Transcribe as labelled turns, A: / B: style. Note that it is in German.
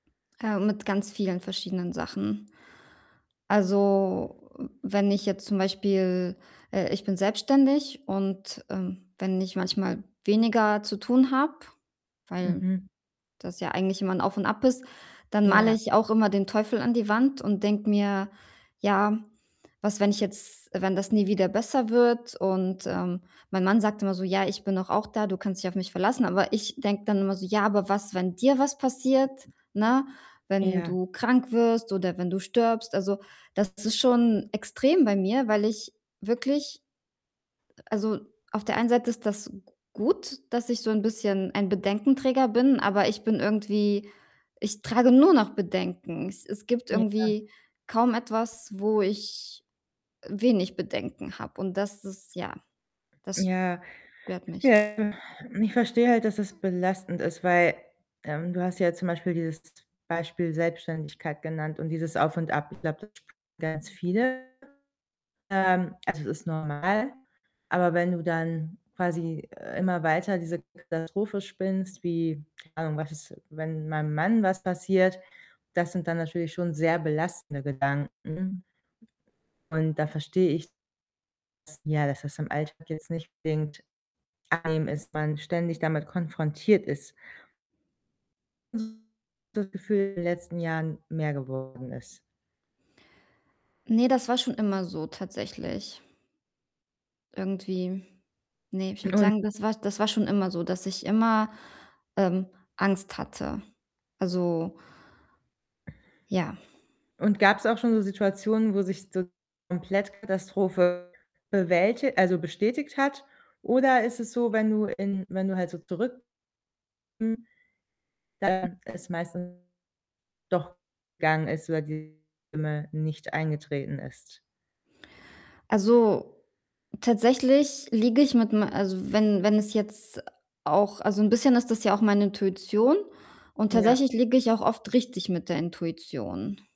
A: Äh, mit ganz vielen verschiedenen Sachen. Also, wenn ich jetzt zum Beispiel äh, ich bin selbstständig, und, ähm, wenn ich manchmal weniger zu tun habe, weil
B: Mhm.
A: das ja eigentlich immer 'n Auf und Ab ist, dann male
B: Ja.
A: ich auch immer den Teufel an die Wand und denke mir: „Ja, was, wenn ich jetzt wenn das nie wieder besser wird?“ Und, ähm, mein Mann sagt immer so: „Ja, ich bin doch auch da. Du kannst dich auf mich verlassen.“ Aber ich denke dann immer so: „Ja, aber was, wenn dir was passiert, ne? Wenn
B: Ja.
A: du krank wirst oder wenn du stirbst?“ Also, das ist schon extrem bei mir, weil ich wirklich äh, also, auf der einen Seite ist das g gut, dass ich so 'n bisschen ein Bedenkenträger bin, aber ich bin irgendwie ich trage nur noch Bedenken. Es es gibt
B: Ja.
A: irgendwie kaum etwas, wo ich, äh, wenig Bedenken habe, und das ist ja, das
B: Ja.
A: stört mich.
B: Ja, ich verstehe halt, dass das belastend ist, weil, ähm, du hast ja jetzt zum Beispiel dieses Beispiel Selbstständigkeit genannt und dieses Auf und Ab. Ich glaube, das [unintelligible] ganz viele, ähm, also, es ist normal, aber wenn du dann quasi immer weiter diese Katastrophe spinnst, wie, keine Ahnung, „Was ist, wenn meinem Mann was passiert?“, das sind dann natürlich schon sehr belastende Gedanken. Und da verstehe ich, dass ja, dass das im Alltag jetzt nicht unbedingt angenehm ist, wenn man ständig damit konfrontiert ist. [unintelligible] das Gefühl in den letzten Jahren mehr geworden ist?
A: Ne, das war schon immer so tatsächlich irgendwie. Ne, ich würde
B: Un
A: sagen, das war das war schon immer so, dass ich immer, ähm, Angst hatte. Also ja.
B: Und gab's auch schon so Situationen, wo sich so komplett Katastrophe bewälti also, bestätigt hat? Oder ist es so, wenn du in wenn du halt so zurück [unintelligible] da es meistens doch [unintelligible] gegangen ist oder dieses Schlimme nicht eingetreten ist?
A: Also, tatsächlich liege ich mit me also, wenn wenn es jetzt auch also, 'n bisschen ist das ja auch meine Intuition, und
B: Ja.
A: tatsächlich liege ich auch oft richtig mit der Intuition.